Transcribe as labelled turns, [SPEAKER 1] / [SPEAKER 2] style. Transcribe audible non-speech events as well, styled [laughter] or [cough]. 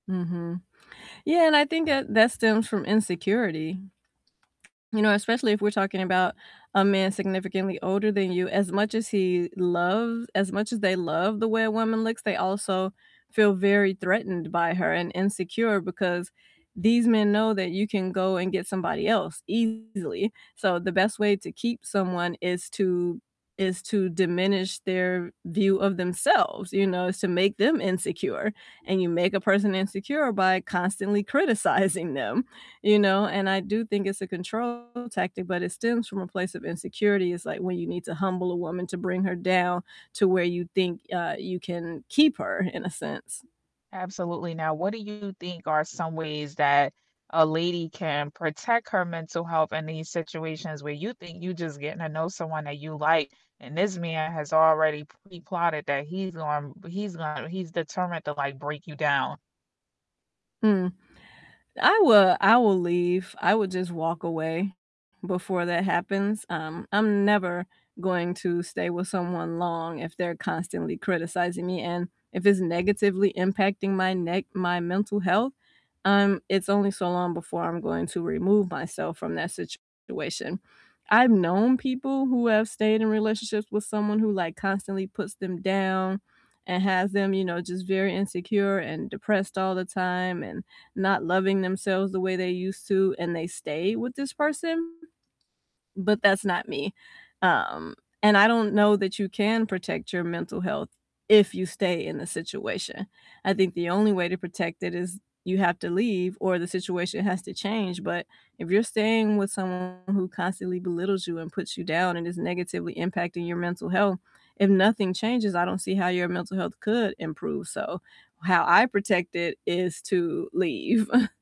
[SPEAKER 1] Mhm, yeah, and I think that, that stems from insecurity. You know, especially if we're talking about a man significantly older than you, as much as he loves as much as they love the way a woman looks, they also feel very threatened by her and insecure because these men know that you can go and get somebody else easily, so the best way to keep someone is to is to diminish their view of themselves, you know, is to make them insecure, and you make a person insecure by constantly criticizing them, you know, and I do think it's a control tactic, but it stems from a place of insecurity, it's like when you need to humble a woman to bring her down to where you think, uh, you can keep her, in a sense.
[SPEAKER 2] Absolutely, now, what do you think are some ways that a lady can protect her mental health in these situations where you think you just getting to know someone that you like, and this man has already pre-plotted that he's going he's going he's determined to, like, break you down?
[SPEAKER 1] Mm, I would I will leave, I would just walk away before that happens, um, I'm never going to stay with someone long if they're constantly criticizing me and if it's negatively impacting my ne my mental health, um, it's only so long before I'm going to remove myself from that situation. I've known people who have stayed in relationships with someone who, like, constantly puts them down and has them, you know, just very insecure and depressed all the time and not loving themselves the way they used to, and they stay with this person, but that's not me, um, and I don't know that you can protect your mental health if you stay in the situation, I think the only way to protect it is you have to leave or the situation has to change, but if you're staying with someone who constantly belittles you and puts you down and is negatively impacting your mental health, if nothing changes, I don't see how your mental health could improve, so how I protect it is to leave. [chuckles]